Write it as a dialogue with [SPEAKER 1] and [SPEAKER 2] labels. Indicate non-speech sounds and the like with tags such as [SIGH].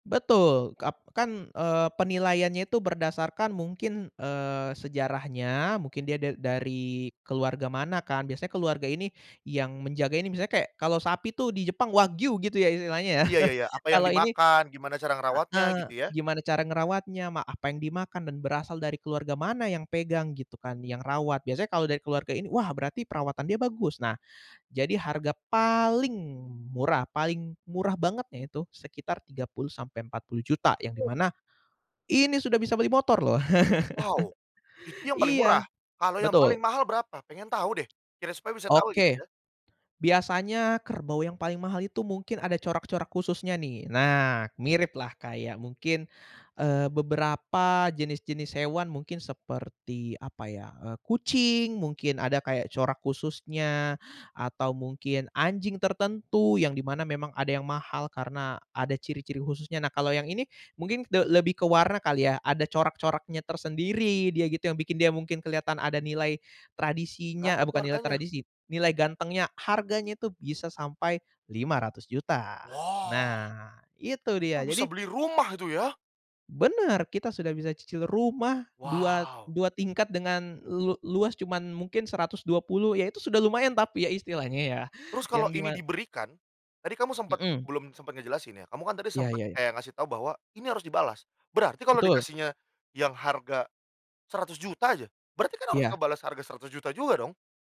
[SPEAKER 1] Betul, kap kan, eee, penilaiannya itu berdasarkan mungkin, eee, sejarahnya mungkin dia da dari keluarga mana kan. Biasanya keluarga ini yang menjaga ini, misalnya kayak kalau sapi tuh di Jepang, wagyu gitu ya istilahnya ya.
[SPEAKER 2] Iya iya
[SPEAKER 1] [CHUCKLES]
[SPEAKER 2] iya. Apa yang
[SPEAKER 1] Kalau ini
[SPEAKER 2] dimakan, gimana cara ngerawatnya
[SPEAKER 1] heeh.
[SPEAKER 2] gitu ya.
[SPEAKER 1] Gimana cara ngerawatnya, ma apa yang dimakan, dan berasal dari keluarga mana yang pegang gitu kan, yang rawat. Biasanya kalau dari keluarga ini, “Wah, berarti perawatan dia bagus.” Nah, jadi harga paling murah paling murah bangetnya itu sekitar Rp30.000.000 sampai Rp40.000.000 yang di mana ini sudah bisa beli motor loh.
[SPEAKER 2] Wow, itu
[SPEAKER 1] [CHUCKLES]
[SPEAKER 2] yang paling murah?
[SPEAKER 1] Iya,
[SPEAKER 2] Kalau yang
[SPEAKER 1] betul.
[SPEAKER 2] paling mahal berapa? Pengen tahu deh kiras supaya bisa tahu gitu
[SPEAKER 1] Oke,
[SPEAKER 2] ya.
[SPEAKER 1] biasanya kerbau yang paling mahal itu mungkin ada corak-corak khususnya nih. Nah miriplah kayak mungkin, eee, beberapa jenis-jenis hewan. Mungkin seperti apa ya, eee, kucing, mungkin ada kayak corak khususnya. Atau mungkin anjing tertentu yang di mana memang ada yang mahal karena ada ciri-ciri khususnya. Nah kalau yang ini mungkin de lebih ke warna kali ya. Ada corak-coraknya tersendiri dia gitu yang bikin dia mungkin kelihatan ada nilai tradisinya
[SPEAKER 2] Berapa
[SPEAKER 1] eee,
[SPEAKER 2] tuh
[SPEAKER 1] bukan nilai
[SPEAKER 2] harganya?
[SPEAKER 1] tradisi, nilai gantengnya. Harganya itu bisa sampai Rp500.000.000
[SPEAKER 2] Wah!
[SPEAKER 1] Nah itu dia,
[SPEAKER 2] Itu bisa
[SPEAKER 1] jadi
[SPEAKER 2] beli rumah itu ya?
[SPEAKER 1] Benar, kita sudah bisa cicil rumah dua
[SPEAKER 2] Wow!
[SPEAKER 1] dua tingkat dengan lu luas cuman mungkin 120 ya itu sudah lumayan tapi ya istilahnya ya.
[SPEAKER 2] Terus
[SPEAKER 1] Yang
[SPEAKER 2] kalau
[SPEAKER 1] dima
[SPEAKER 2] ini diberikan, tadi kamu sempet,
[SPEAKER 1] Mhm.
[SPEAKER 2] belum sempet ngejelasin ya. Kamu kan tadi
[SPEAKER 1] Iya
[SPEAKER 2] sempet
[SPEAKER 1] iya iya.
[SPEAKER 2] kayak ngasih tahu bahwa ini harus dibalas. Berarti kalau
[SPEAKER 1] Betul.
[SPEAKER 2] dikasihnya yang harga Rp100.000.000 aja, berarti kan harus
[SPEAKER 1] Iya.
[SPEAKER 2] ngebalas harga Rp100.000.000 juga dong?